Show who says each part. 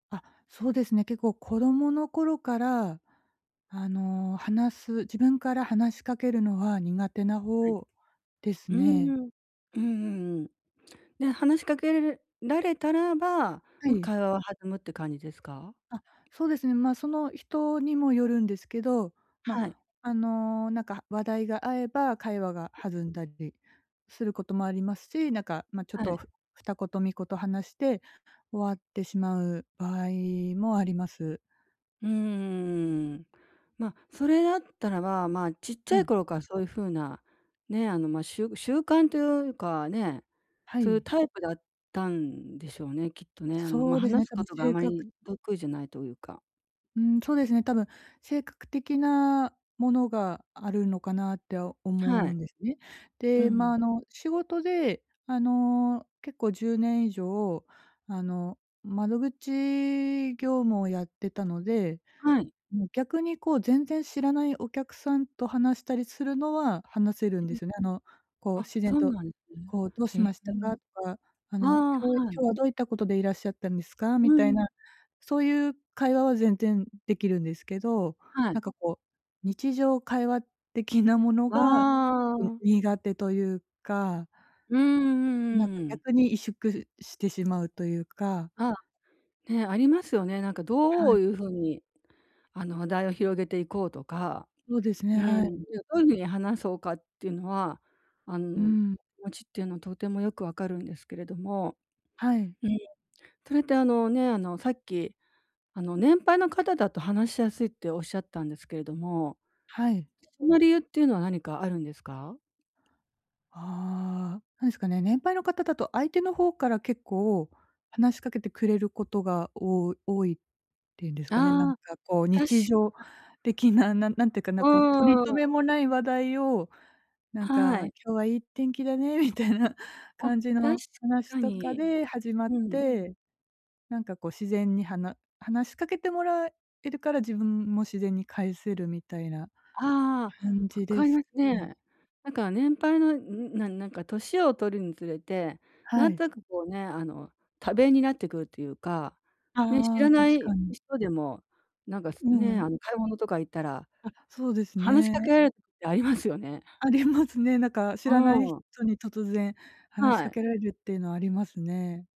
Speaker 1: あ、そうですね。結構子供の頃からあの、話す自分から話しかけるのは苦手な
Speaker 2: はい。
Speaker 1: ほうです
Speaker 2: うん
Speaker 1: ね。
Speaker 2: うん。うんうんうん。で、話しかけられられたらば、
Speaker 1: は
Speaker 2: ま、
Speaker 1: い。
Speaker 2: 会話は弾むって感じですか？
Speaker 1: あ、そうですね。ま、その、人にもよるんですけど、ま、
Speaker 2: はい。
Speaker 1: あの、なんか話題が合えば会話が弾んだりすることもありますし、なんか、ま、ちょっ
Speaker 2: は
Speaker 1: と
Speaker 2: い。
Speaker 1: ふ二言三言話して終わってしまう場合もあります。
Speaker 2: うーん。ま、それだったらば、まあ、ちっち
Speaker 1: は
Speaker 2: ゃい
Speaker 1: い。
Speaker 2: 頃からそういう風な、ね、あの、ま、しゅ習慣というかね、
Speaker 1: は
Speaker 2: そういう
Speaker 1: い。
Speaker 2: タイプだったんでしょうね、きっとね。あの、ま、
Speaker 1: そうですね、
Speaker 2: 話す
Speaker 1: 多
Speaker 2: こ
Speaker 1: 分
Speaker 2: とがあ
Speaker 1: 性
Speaker 2: ま
Speaker 1: 格
Speaker 2: り得意じゃないというか
Speaker 1: うーん、そうですね、多分性格的なものがあるのかなっては思
Speaker 2: は
Speaker 1: う
Speaker 2: い。
Speaker 1: んですね。
Speaker 2: う
Speaker 1: で、ま、あ
Speaker 2: ん。
Speaker 1: の、仕事であの、結構10年以上、あの、窓口業務をやってたので、
Speaker 2: はい。
Speaker 1: もう逆にこう全然知らないお客さんと話したりするのは話せるん
Speaker 2: う
Speaker 1: で
Speaker 2: ん。
Speaker 1: すね、あの、こう
Speaker 2: あ、
Speaker 1: 自然
Speaker 2: そう
Speaker 1: と
Speaker 2: なんですね。
Speaker 1: こう「どう
Speaker 2: へ
Speaker 1: し
Speaker 2: え。
Speaker 1: ましたか？」とか、あ
Speaker 2: あ
Speaker 1: の、
Speaker 2: あ、は
Speaker 1: 今日
Speaker 2: い。
Speaker 1: 「今日はどういったことでいらっしゃったんですか？」
Speaker 2: う
Speaker 1: みたい
Speaker 2: ん。
Speaker 1: なそういう会話は全然できるんですけど、
Speaker 2: は
Speaker 1: な
Speaker 2: い。
Speaker 1: んかこう、日常会話的なもの
Speaker 2: わ
Speaker 1: がちょっと
Speaker 2: あ。
Speaker 1: 苦手というか
Speaker 2: うーん、うん
Speaker 1: なん
Speaker 2: う
Speaker 1: か
Speaker 2: んうん。
Speaker 1: 逆に萎縮してしまうというか
Speaker 2: ああ、ね、ありますよね。なんか
Speaker 1: は
Speaker 2: どう
Speaker 1: い。
Speaker 2: いうふうに、あの、話題を広げていこうとか、
Speaker 1: そうです
Speaker 2: う
Speaker 1: ね、
Speaker 2: ー
Speaker 1: は
Speaker 2: ん、い
Speaker 1: い。
Speaker 2: や、どういう風に話そうかっていうのは、あ
Speaker 1: う
Speaker 2: の、気
Speaker 1: ん。
Speaker 2: 持ちっていうのとてもよくわかるんですけれども、
Speaker 1: はい。
Speaker 2: うん、それってあのね、あの、さっきあの、年配の方だと話しやすいっておっしゃったんですけれども、
Speaker 1: はい。
Speaker 2: その理由っていうのは何かあるんですか？
Speaker 1: ああ、なんですかね、年配の方だと相手の方から結構話しかけてくれることが多多いっていうんですかね、なん
Speaker 2: ああ、
Speaker 1: かこう、
Speaker 2: 確かに。
Speaker 1: 日常的な、ななんていうか
Speaker 2: う
Speaker 1: な、こう、とりと
Speaker 2: ー
Speaker 1: め
Speaker 2: ん。
Speaker 1: もない話題をなん
Speaker 2: は
Speaker 1: か
Speaker 2: い。
Speaker 1: 「今日はいい天気だね」みたいな
Speaker 2: あ、
Speaker 1: 感じ
Speaker 2: 確
Speaker 1: の話
Speaker 2: か
Speaker 1: とか
Speaker 2: に。
Speaker 1: で始まっ
Speaker 2: うん。
Speaker 1: て、なんかこう自然にはな話しかけてもらえるから自分も自然に返せるみたいな
Speaker 2: あ
Speaker 1: 感
Speaker 2: あ、わ
Speaker 1: じで
Speaker 2: かり
Speaker 1: す
Speaker 2: [unintelligible]
Speaker 1: ね。
Speaker 2: ね。なんか年配のなになんか、年をとるにつれて、
Speaker 1: は
Speaker 2: なんと
Speaker 1: い。
Speaker 2: なくこうね、あの、多弁になってくるというか、ね、知
Speaker 1: あ
Speaker 2: ら
Speaker 1: あ、確
Speaker 2: ない
Speaker 1: かに。
Speaker 2: 人でもなんかす
Speaker 1: う
Speaker 2: ね、
Speaker 1: ん。
Speaker 2: あの、買い物とか行ったら
Speaker 1: あ、そうです
Speaker 2: 話しかけ
Speaker 1: ね。
Speaker 2: られるってありますよね。
Speaker 1: ありますね。なんか、知らない
Speaker 2: うん。
Speaker 1: 人に突然話し
Speaker 2: は
Speaker 1: か
Speaker 2: い。
Speaker 1: けられるっていうのはありますね。